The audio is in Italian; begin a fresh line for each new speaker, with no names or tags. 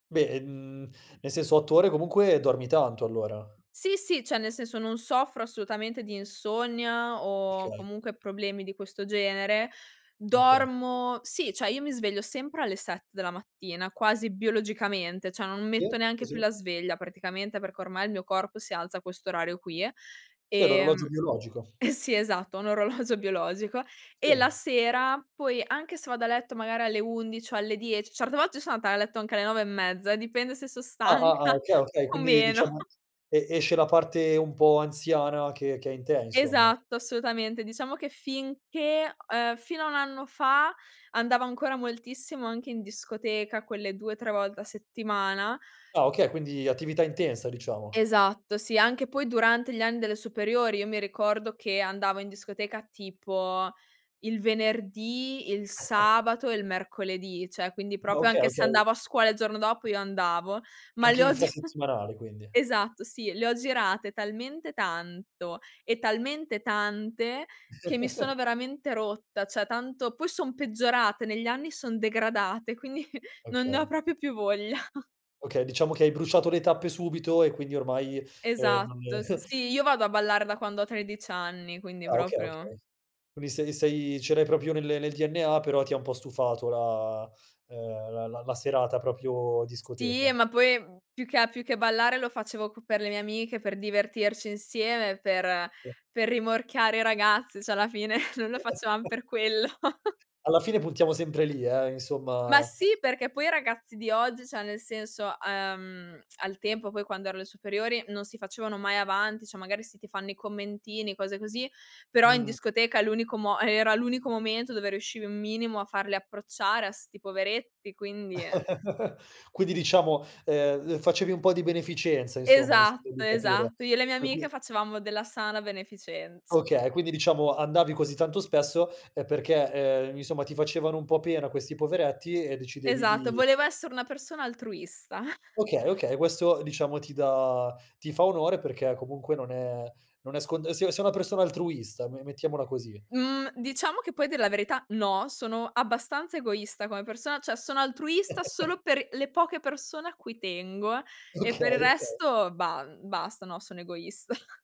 Beh, mhmm, nel senso, 8 ore, comunque dormi tanto allora.
Sì, sì, cioè nel senso non soffro assolutamente di insonnia o
Okay.
comunque problemi di questo genere.
Okay.
Dormo sì, cioè io mi sveglio sempre alle 7 della mattina, quasi biologicamente, cioè non
Sì.
metto neanche
Sì
più
sì.
la sveglia praticamente, perché ormai il mio corpo si alza a questo orario qui.
Sì, hai l'orologio
Ehm
biologico.
eh sì, esatto, ho un orologio biologico e la
Sì.
sera poi, anche se vado a letto magari alle 11 o alle 10, certe volte so' andata a letto anche alle 9 e mezza, dipende se so'
Ah, ah, ah.
stanca
Okay, okay,
o
quindi
meno.
diciamo e esce la parte un po' anziana che che è in te insomma.
Esatto, assolutamente. Diciamo che finché uhm, fino a 1 anno fa andavo ancora moltissimo anche in discoteca, quelle 2-3 volte a settimana.
Ah okay, quindi attività intensa diciamo.
Esatto, sì, anche poi durante gli anni delle superiori: io mi ricordo che andavo in discoteca tipo il venerdì, il sabato e il mercoledì, cioè quindi
Ah.
proprio
Okay,
anche se
okay.
andavo a scuola il giorno dopo io andavo; ma le
Anche
ho gi
infrasettimanale quindi.
esatto sì, le ho girate talmente tanto e talmente tante, che mi sono veramente rotta; cioè tanto poi son peggiorate negli anni, son degradate, quindi non ne ho
Okay.
proprio più voglia.
Okay, diciamo che hai bruciato le tappe subito e quindi ormai, ehm, non
Esatto. S sì, io vado a ballare da quando ho 13 anni, quindi
Ah okay,
proprio
okay. Quindi sei sei ce l'hai proprio nel nel DNA, però ti ha un po' stufato la uhm, la la la serata proprio
Sì, e
discoteca.
ma poi, mhmm, più che a più che ballare lo facevo co per le mie amiche, per divertirci insieme, per per rimorchiare i ragazzi, cioè alla fine, noi lo facevam per quello.
Alla fine puntiamo sempre lì, eh,
Ma
insomma.
sì, perché poi i ragazzi di oggi, cioè nel senso uhm, al tempo, poi quando ero alle superiori, non si facevano mai avanti, cioè magari sì, ti fanno i commentini, cose così, però in
Mh.
discoteca l'unico mo era l'unico momento dove riuscivi un minimo a farli approcciare a 'sti poveretti, quindi, eh
Quindi diciamo, ehm ehm, facevi un po' di beneficenza insomma, mi sembra
Esatto,
di capire.
esatto, io e le mie
Poi qui
amiche facevamo della sana beneficenza.
Okay. Quindi diciamo andavi così tanto spesso, uhm, perché, ehm, i insomma ti facevano un po' pena questi poveretti e decidevi
Esatto,
di
volevo essere una persona altruista.
Okay, okay, questo diciamo ti dà ti fa onore perché comunque non è non è scont se sei una persona altruista, me mettiamola così.
Mhmm, diciamo che poi a dir la verità no, sono abbastanza egoista come persona, cioè sono altruista solo per i le poche persone a cui tengo, e
Okay,
per il
okay.
resto bah, uhm, basta, no, sono egoista.